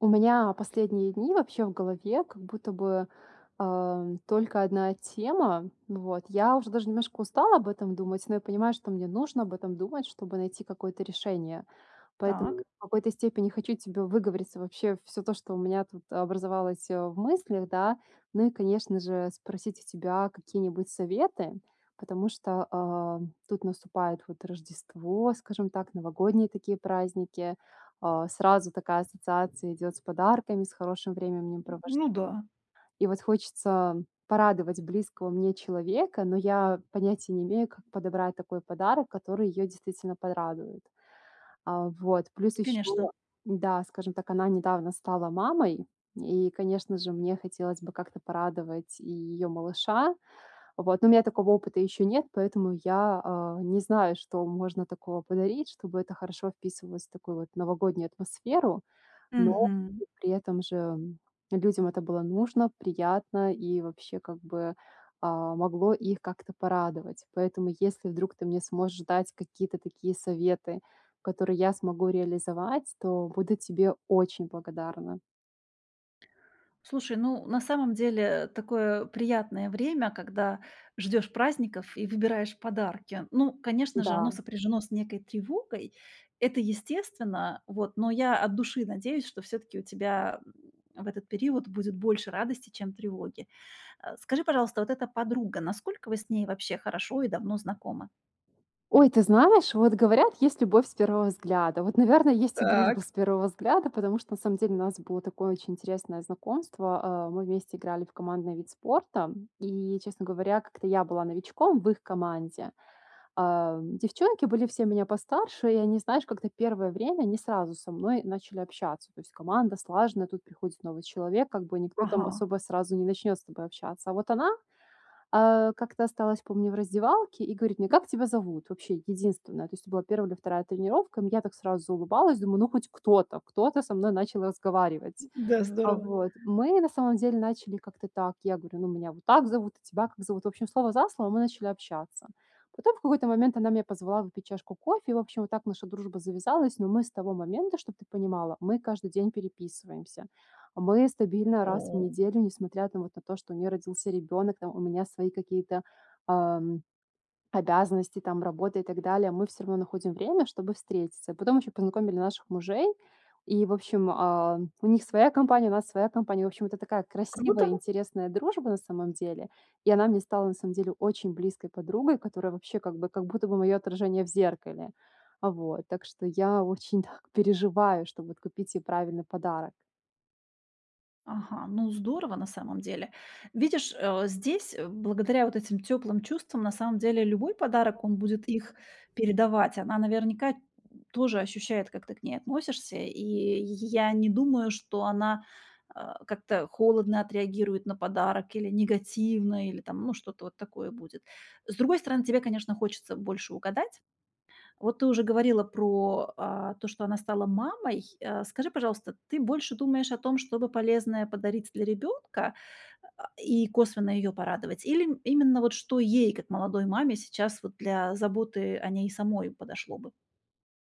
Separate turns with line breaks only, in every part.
У меня последние дни вообще в голове как будто бы, э, только 1 тема. Ну, вот я уже даже немножко устала об этом думать, но я понимаю, что мне нужно об этом думать, чтобы найти какое-то решение. Поэтому
Так.
в какой-то степени хочу тебе выговориться вообще всё то, что у меня тут образовалось, э, в мыслях, да. Ну и конечно же спросить у тебя какие-нибудь советы. Потому что, э, тут наступает вот Рождество, скажем так, новогодние такие праздники. Э, сразу такая ассоциация идёт с подарками, с хорошим временем провож
Ну да.
И вот хочется порадовать близкого мне человека, но я понятия не имею, как подобрать такой подарок, который её действительно порадует. Э, вот плюс
Конечно.
ещё, да, скажем так, она недавно стала мамой, и, конечно же, мне хотелось бы как-то порадовать и её малыша. Вот, ну, у меня такого опыта ещё нет, поэтому я, а, не знаю, что можно такого подарить, чтобы это хорошо вписывалось в такую вот новогоднюю атмосферу. Но
Мгм.
и при этом же людям это было нужно, приятно, и вообще как бы, а, могло их как-то порадовать. Поэтому если вдруг ты мне сможешь дать какие-то такие советы, которые я смогу реализовать, то буду тебе очень благодарна.
Слушай, ну на самом деле такое приятное время, когда ждёшь праздников и выбираешь подарки. Ну, конечно же, оно
Да.
сопряжено с некой тревогой. Это естественно, вот, но я от души надеюсь, что всё-таки у тебя в этот период будет больше радости, чем тревоги. Э, скажи, пожалуйста, вот эта подруга, насколько вы с ней вообще хорошо и давно знакомы?
Ой, ты знаешь, вот говорят, есть любовь с первого взгляда. Вот, наверно, есть и дружба
Так.
с первого взгляда, потому что на самом деле у нас было такое очень интересное знакомство. Э, мы вместе играли в командный вид спорта, м, и честно говоря как-то я была новичком в их команде. Э, девчонки были все меня постарше и они знаешь как-то первое время не сразу со мной начали общаться. То есть команда слаженная, тут приходит новый человек, как бы никто там
Ага.
особо сразу не начнёт с тобой общаться. А вот она, э, как-то осталась, помню, в раздевалке и говорит мне: "Как тебя зовут?" Вообще, единственная, то есть это была 1 или 2 тренировка. М, я так сразу заулыбалась, думаю: "Ну хоть кто-то, кто-то со мной начал разговаривать".
Да,
Э,
здорово.
вот. Мы на самом деле начали как-то так, я говорю: "Ну, меня вот так зовут, а тебя как зовут?" В общем слово за слово мы начали общаться. Потом, в какой-то момент, она меня позвала выпить чашку кофе, и, в общем, вот так наша дружба завязалась. Но мы с того момента, чтоб ты понимала, мы каждый день переписываемся. Мы стабильно раз в
О!
неделю, несмотря там вот на то, что у неё родился ребенок, там у меня свои какие-то, эм, обязанности, там работы и так далее. Мы всё равно находим время, чтобы встретиться. И потом ещё познакомили наших мужей, и, в общем, а, у них своя компания, у нас своя компания. В общем это такая красивая
Круто.
интересная дружба, на самом деле. И она мне стала, на самом деле, очень близкой подругой, которая вообще как бы как будто бы моё отражение в зеркале. Э, вот, так что я очень так переживаю, чтоб вот купить ей правильный подарок.
Ага, ну, здорово, на самом деле. Видишь, э, здесь, э, благодаря вот этим тёплым чувствам на самом деле любой
Да.
подарок, он будет их
Мгм.
передавать. Она наверняка тоже ощущает, как ты к ней относишься. И й я не думаю, что она, а, как-то холодно отреагирует на подарок или негативно, или там, ну, что-то вот такое будет. С другой стороны, тебе, конечно, хочется больше угадать. Вот ты уже говорила про, а, то, что она стала мамой. Э, скажи, пожалуйста, ты больше думаешь о том, что бы полезное подарить для ребёнка, а, и косвенно её порадовать? Или, м, именно вот что ей, как молодой маме, сейчас вот для заботы о ней самой подошло бы?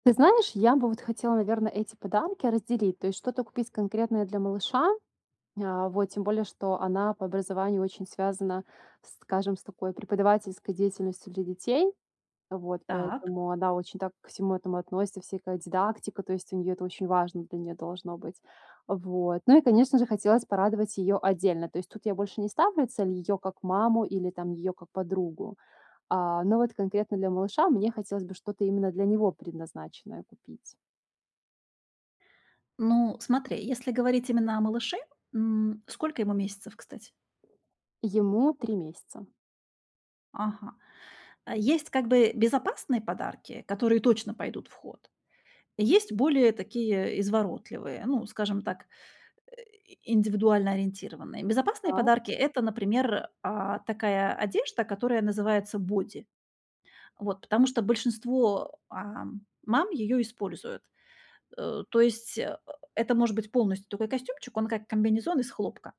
Ты знаешь, я бы вот хотела, наверно, эти подарки разделить, то есть что-то купить конкретное для малыша. А, вот. Тем более, что она по образованию очень связана, скажем, с такой преподавательской деятельностью для детей. Вот,
Так.
поэтому она очень так ко всему этому относится, всякая дидактика. То есть у неё это очень важно для неё должно быть. Вот, ну и конечно же, хотелось порадовать её отдельно. То есть тут я больше не ставлю цель её как маму или там её как подругу. А, но вот конкретно для малыша мне хотелось бы что-то именно для него предназначенное купить.
Ну смотри, если говорить именно о малыше, м, сколько ему месяцев, кстати?
Ему 3 месяца.
Ага. Э, есть как бы безопасные подарки, которые точно пойдут в ход. И есть более такие изворотливые, ну, скажем так, э, индивидуально ориентированные. Безопасные
Так.
подарки- это, например, э, такая одежда, которая называется боди. Вот. Потому что большинство, э, мам её используют. Э, то есть, э, это может быть полностью такой костюмчик, он как комбинезон из хлопка.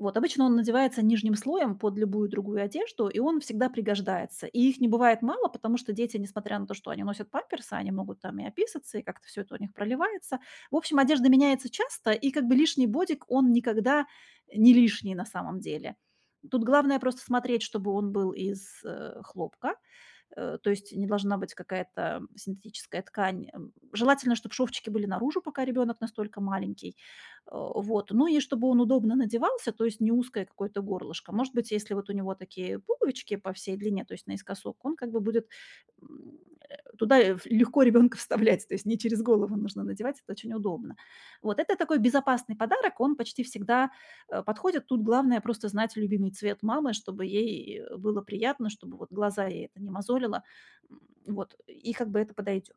Вот, обычно он надевается нижним слоем под любую другую одежду, и он всегда пригождается. И их не бывает мало, потому что дети, несмотря на то, что они носят памперсы, они могут там и описаться, и как-то всё это у них проливается. В общем, одежда меняется часто, и как бы лишний бодик, он никогда не лишний на самом деле. Тут главное- просто смотреть, чтобы он был из, э, хлопка. Э, то есть не должна быть какая-то синтетическая ткань. Эм, желательно, чтоб шовчики были наружу, пока ребёнок настолько маленький. Э, вот. Ну и чтобы он удобно надевался, то есть не узкое какое-то горлышко. Может быть, если вот у него такие пуговички по всей длине, то есть наискосок, он как бы будет, м, э, туда ф легко ребёнка вставлять. То есть не через голову нужно надевать, это очень удобно. Вот. Это такой безопасный подарок, он почти всегда, э, подходит. Тут главное- просто знать любимый цвет мамы, чтобы ей, э, было приятно, чтобы вот глаза ей это не мозолило, м, вот. И как бы это подойдёт.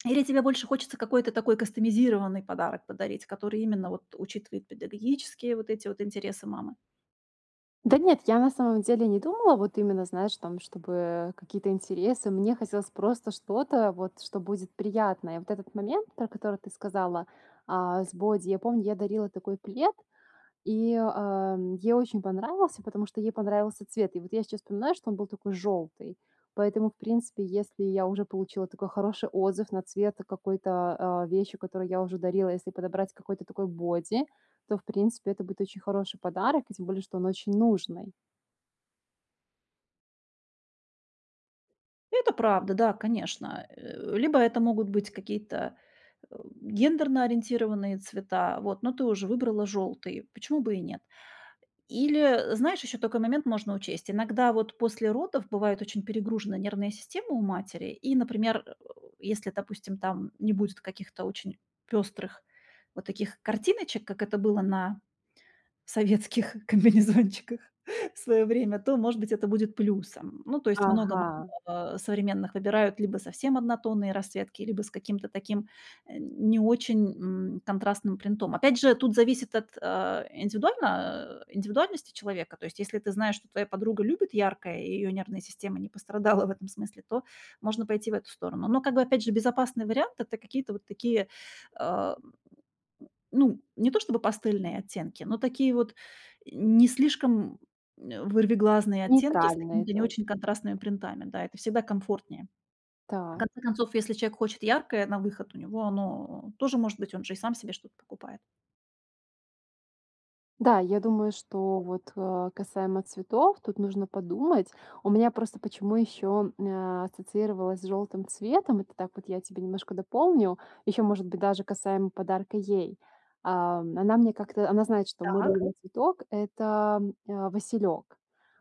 Или тебе больше хочется какой-то такой кастомизированный подарок подарить, который именно вот учитывает педагогические вот эти вот интересы мамы?
Да нет, я на самом деле не думала, вот именно, знаешь там, чтобы, э, какие-то интересы. Мне хотелось просто что-то вот, что будет приятное. Вот этот момент, про который ты сказала, э, с боди: я помню, я дарила такой плед. И, э, м, ей очень понравился, потому что ей понравился цвет. И вот я сейчас вспоминаю, что он был такой желтый. Поэтому, в принципе, если я уже получила такой хороший отзыв на цвет какой-то, э, вещи, которую я уже дарила, если подобрать какой-то такой боди, то, в принципе, это будет очень хороший подарок. И тем более, что он очень нужный.
Это правда, да, конечно. А, э, либо это могут быть какие-то, а, гендерно-ориентированные цвета. Вот, но ты уже выбрала жёлтый, почему бы и нет? Или, знаешь, ещё такой момент можно учесть: иногда вот после родов бывает очень перегружена нервная система у матери, и, например, а, если, допустим, там не будет каких-то очень пёстрых вот таких картиночек, как это было на советских комбинезончиках в своё время, то, может быть, это будет плюсом. Ну, то есть много мам
Ага.
современных выбирают либо совсем однотонные расцветки, либо с каким-то таким, а, не очень, м, контрастным принтом. Опять же, тут зависит от, а, индивидуально а, индивидуальности человека. То есть если ты знаешь, что твоя подруга любит яркое, и её нервная система не пострадала в этом смысле, то можно пойти в эту сторону. Но как бы, опять же, безопасный вариант- это какие-то вот такие, а, м, м, ну, не то чтобы пастельные оттенки, но такие вот не слишком, э, вырвиглазные оттенки с
Нейтральные,
какими-то не
то есть.
очень контрастными принтами. Да, это всегда комфортнее. В
Так.
конце концов, если человек хочет яркое на выход, у него оно тоже может быть, он же сам себе что-то покупает.
Да, я думаю, что вот, а касаемо цветов, тут нужно подумать. У меня просто почему ещё, м, а, ассоциировалась с жёлтым цветом. Это так вот я тебе немножко дополню. Ещё, может быть, даже касаемо подарка ей. Ам. Она мне как-то она знает, что мой
Так.
любимый цветок- это, м, а, василёк.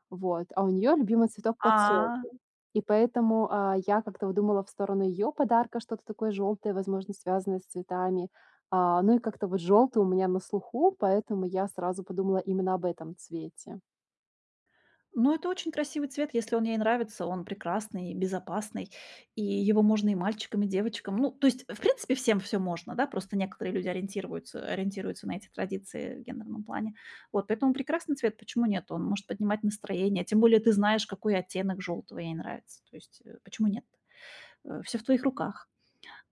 Вот. А у неё любимый цветок- подсолнух.
А.
И поэтому, а, я как-то вот думала в сторону её подарка что-то такое жёлтое, возможно, связанное с цветами. А, ну и как-то вот жёлтое у меня на слуху, поэтому я сразу подумала именно об этом цвете.
Но это очень красивый цвет. Если он ей нравится, он прекрасный, безопасный, и его можно и мальчикам, и девочкам. Ну, то есть, в принципе, всем всё можно, да? Просто некоторые люди ориентирвуются ориентируются на эти традиции в гендерном плане. Вот. Поэтому прекрасный цвет. Почему нет? Он может поднимать настроение. Тем более ты знаешь, какой оттенок жёлтого ей нравится. То есть, э, почему нет? А, всё в твоих руках.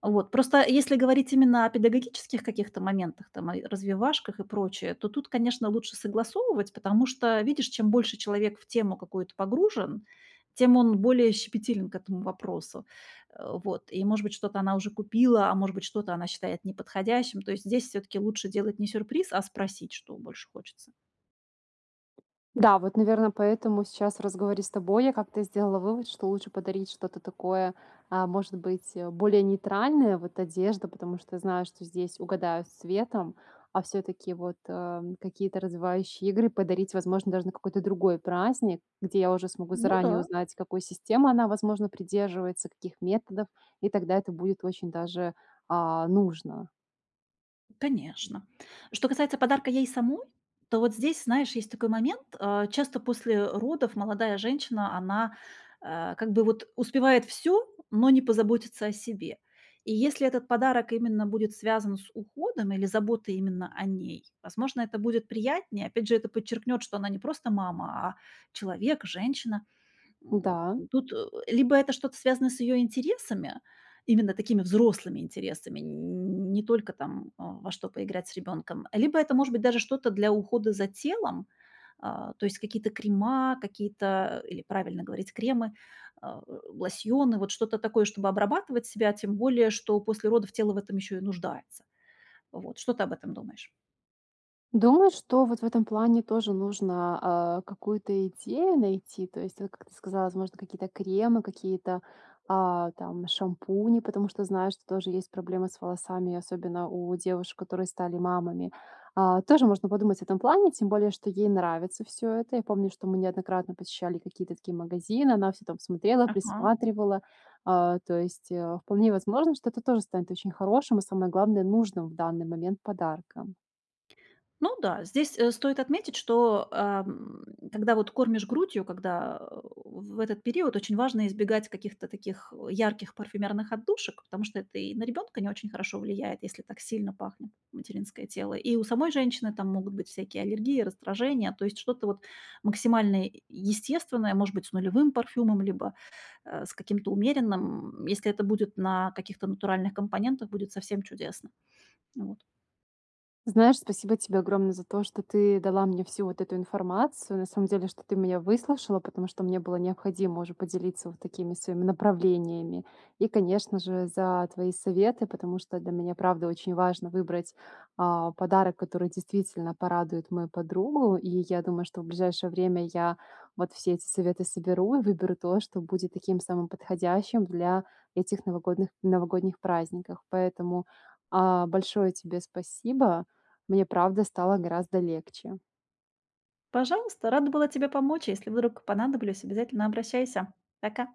Вот. Просто если говорить именно о педагогических каких-то моментах, там, ай развивашках и прочее, то тут, конечно, лучше согласовывать, потому что, видишь, чем больше человек в тему какую-то погружен, тем он более щепетилен к этому вопросу. А, вот. И, может быть, что-то она уже купила, а может быть, что-то она считает неподходящим. То есть здесь всё-таки лучше делать не сюрприз, а спросить, что больше хочется.
Да, вот, наверное, поэтому сейчас, в разговоре с тобой, я как-то сделала вывод, что лучше подарить что-то такое, а, может быть, более нейтральное. Вот одежда, потому что знаю, что здесь угадают с цветом, а всё-таки, вот, а, какие-то развивающие игры подарить возможно даже на какой-то другой праздник, где я уже смогу
Ну
заранее
да.
узнать, какой системы она, возможно, придерживается, каких методов, и тогда это будет очень даже, а, нужно.
Конечно. Что касается подарка ей самой, то вот здесь, знаешь, есть такой момент, а. Часто после, э, родов молодая женщина, она, а, как бы вот успевает всё, но не позаботится о себе. И если этот подарок именно будет связан с уходом или заботой именно о ней, возможно, это будет приятнее. Опять же, это подчеркнёт, что она не просто мама, а человек, женщина. М.
Н-да.
Н тут, э, либо это что-то связано с её интересами, именно такими взрослыми интересами, н не только там, а, во что поиграть с ребёнком, либо это может быть даже что-то для ухода за телом. А, то есть какие-то крема, какие-то, или правильно говорить кремы, а, э, лосьоны, вот что-то такое, чтобы обрабатывать себя. Тем более, что после родов тело в этом ещё и нуждается. Вот. Что ты об этом думаешь?
Думаю, что вот в этом плане тоже нужно, а, какую-то идею найти. То есть вот, как ты сказала, возможно, какие-то кремы, какие-то, а, там шампуни, потому что знаю, что тоже есть проблемы с волосами, особенно у девушек, которые стали мамами. А, тоже можно подумать об этом плане, тем более что ей нравится всё это. Я помню, что мы неоднократно посещали какие-то такие магазины, она всё там смотрела,
Ага.
присматривала. А, то есть, а, вполне возможно, что это тоже станет очень хорошим, а самое главное- нужным в данный момент подарком.
Ну да, здесь, э, стоит отметить, что, эм, когда вот кормишь грудью, когда, э, в этот период очень важно избегать каких-то таких, э, ярких парфюмерных отдушек. Потому что это и на ребёнка не очень хорошо влияет, если так сильно пахнет материнское тело. И у самой женщины там могут быть всякие аллергии, раздражения. То есть что-то вот максимально естественное, может быть, с нулевым парфюмом, либо, э, с каким-то умеренным. М, если это будет на каких-то натуральных компонентах, будет совсем чудесно. Вот.
Знаешь, спасибо тебе огромное за то, что ты дала мне всю вот эту информацию. На самом деле, что ты меня выслушала. Потому что мне было необходимо уже поделиться вот такими своими направлениями. И конечно же, за твои советы. Потому что для меня правда очень важно выбрать, э, подарок, который действительно порадует мою подругу. И я думаю, что в ближайшее время я вот все эти советы соберу и выберу то, что будет таким самым подходящим для этих новогодных новогодних праздниках. Поэтому, э, большое тебе спасибо. Мне правда стало гораздо легче.
Пожалуйста, рада была тебе помочь. Если вдруг понадоблюсь, обязательно обращайся. Пока.